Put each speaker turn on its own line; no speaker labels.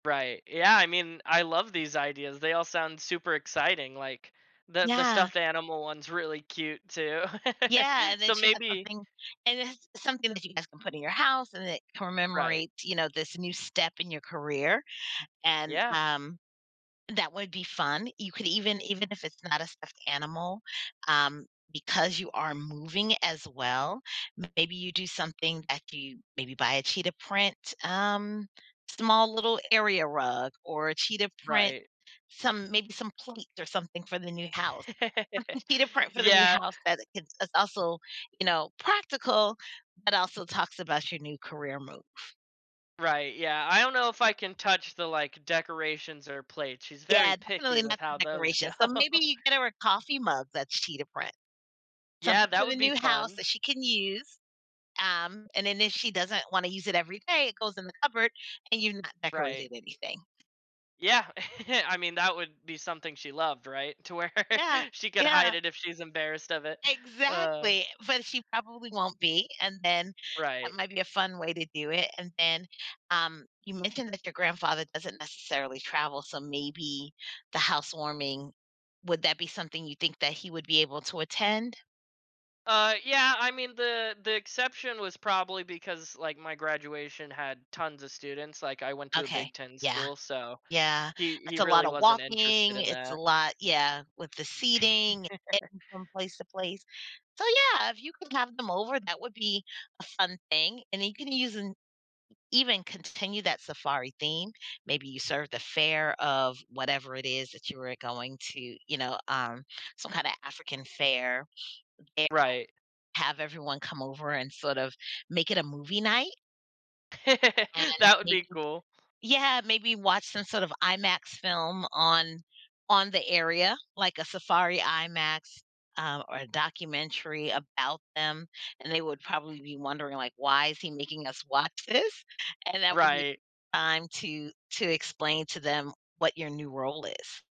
Right. Yeah, I mean, I love these ideas. They all sound super exciting, like, the the
Yeah.
stuffed animal one's really cute, too.
Yeah, and then
So,
she has
maybe
something and it's something that you guys can put in your house and that
Right.
commemorates, you know, this new step in your career. And,
Yeah.
um, that would be fun. You could even even if it's not a stuffed animal, um, because you are moving as well. Maybe you do something that you maybe, buy a cheetah print, um, small little area rug or a cheetah print
Right.
some maybe some plates, or something for the new house, or with cheetah print for the new
Yeah
house that it can is also, you know, practical, but also talks about your new career move.
Right, yeah. I don't know if I can touch the, like, decorations or plates. She's very
Yeah,
picky
definitely
with
not the
how those go.
decoration. So, maybe you get her a coffee mug that's cheetah print.
Yeah,
Something for
that
the
would be
new house
fun.
that she can use. Um, and then if she doesn't wanna use it every day, it goes in the cupboard and you've not
Right.
decorated anything.
Yeah. I mean, that would be something she loved, right? To where
Yeah.
she could
Yeah.
hide it if she's embarrassed of it. Ah.
Exactly, but, she probably won't be, and then, that
Right.
might be a fun way to do it. And then, um, you mentioned that your grandfather doesn't necessarily travel, so maybe the housewarming would that be something you think that he would be able to attend?
Uh, yeah, I mean, the the exception was probably because, like, my graduation had tons of students, like, I went to a
Okay.
Big 10
Yeah.
school, so
Yeah,
he
it's
he
a
really
lotta
wasn't interested
walking,
in
it's a
that.
lot yeah, with the seating, eh and from place to place. So, yeah, if you can have them over, that would be a fun thing. And you can use an even continue that safari theme. Maybe you serve the fare of whatever it is that you were going to, you know, um, some kind of African fare, [unintelligible]
Right.
have everyone come over and sort of, make it a movie night And
That would
maybe
be cool.
yeah, maybe watch some sort of IMAX film on on the area, like a safari IMAX, um, or documentary about them. And they would probably be wondering like, "Why is he making us watch this?" And that would be
Right.
time to to explain to them what your new role is.